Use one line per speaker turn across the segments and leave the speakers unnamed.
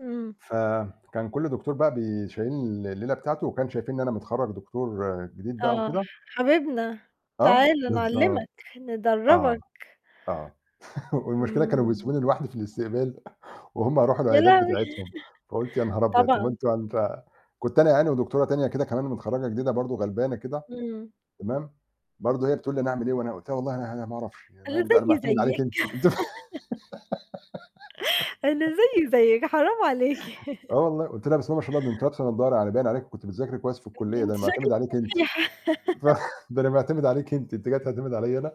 إمم.
ف كان كلّ دكتور بقى بيشيّلني الليلة بتاعته وكان شايفين إن أنا متخرّج دكتور جديد بقى
آه،
وكده
حبيبنا،
آه،
تعالَ نعلّمك،
بالضبط، آه،
ندرّبك.
آه والمشكلة كانوا
إمم.
بيسبوني لوحدي في الاستقبال وهُم يرُوحوا
يا
العيادات
لهوي!
بتاعتهم، فقُلت: "يا نهار أبيض! طَب ما
طبعًا.
أنتم يعني ف" كنت أنا يعني ودكتورة تانية كده كمان متخرّجة جديدة برضه، غلبانة كده،
إمم.
تمام، برضه هي بتقول لي: "أنا أعمل إيه؟" وأنا قُلت لها: "والله أنا أنا ما أعرفش، يعني
أنا
أنا
زيي
معتمد عليكِ أنتِ."
زيِّك. أنا زيي زيِّك، حرام عليكِ
آه والله، قُلت لها: "بسم الله ما شاء الله أنتِ لابسة نضّارة، يعني باين عليكِ كنتِ بتذاكري كويس في
أ
الكلية، ده
أنتِ
أنا معتمد
شكلِك
عليكِ أنتِ.
مُريحة.
ف ده أنا معتمد عليكِ أنتِ، أنتِ جايه تعتمدي عليَّ أنا؟"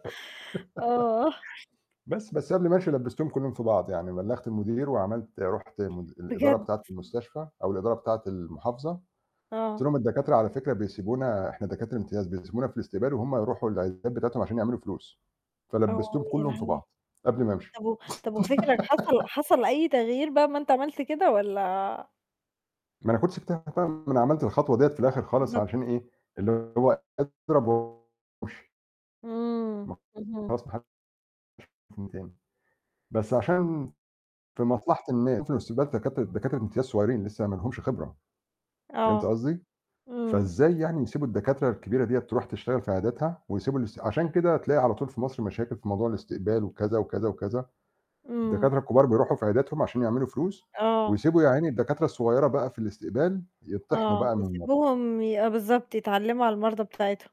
آه.
بس بس قبل ما أمشي لبّستهم كلّهم في بعض، يعني بلّغت المدير وعملت رُحت م الإدارة
بجد؟
بتاعة المستشفى أو الإدارة بتاعة المحافظة، قُلت
آه.
لهم: "الدكاترة على فكرة بيسيبونا إحنا دكاترة امتياز، بيسيبونا في الاستقبال وهُم يرُوحوا العيادات بتاعتهم، عشان يعملوا فلوس."
أوه،
فلبّستهم
يا
كلّهم في
لهوي!
بعض، قبل ما أمشي.
طَب و طب وفكرك حصل حصل أي تغيير بقى أمّا أنت عملت كده والّا؟
ما أنا كنت سِبتها بقى، ما أنا كنت عملت الخطوة دي في الآخر خالص،
بالضبط.
عشان إيه، اللي هو اضرب وامشي.
إمم،
ما
اهم.
خلاص ما حدش [unintelligible] مني تاني. بس عشان في مصلحة الناس [unintelligible] في الاستقبال دكاترة دكاترة امتياز صغيّرين، لسّه ما لهمش خبرة، فهمتِ
آه.
قصدي؟
إمم.
فإزاي يعني يسيبوا الدكاترة الكبيرة ديّة ترُوح تشتغل في عياداتها ويسيبوا الاس عشان كده تلاقي على طول في مصر مشاكل في موضوع الاستقبال وكذا، وكذا، وكذا،
إمم.
الدكاترة الكبار بيرُوحوا في عياداتهم عشان يعملوا فلوس،
آه.
ويسيبوا يا عيني الدكاترة الصغيّرة بقى في الاستقبال، يطِّحنوا
آه،
بقى من المرضى.
يسيبوهم ي بالضبط يتعلّموا على المرضى بتاعتهم.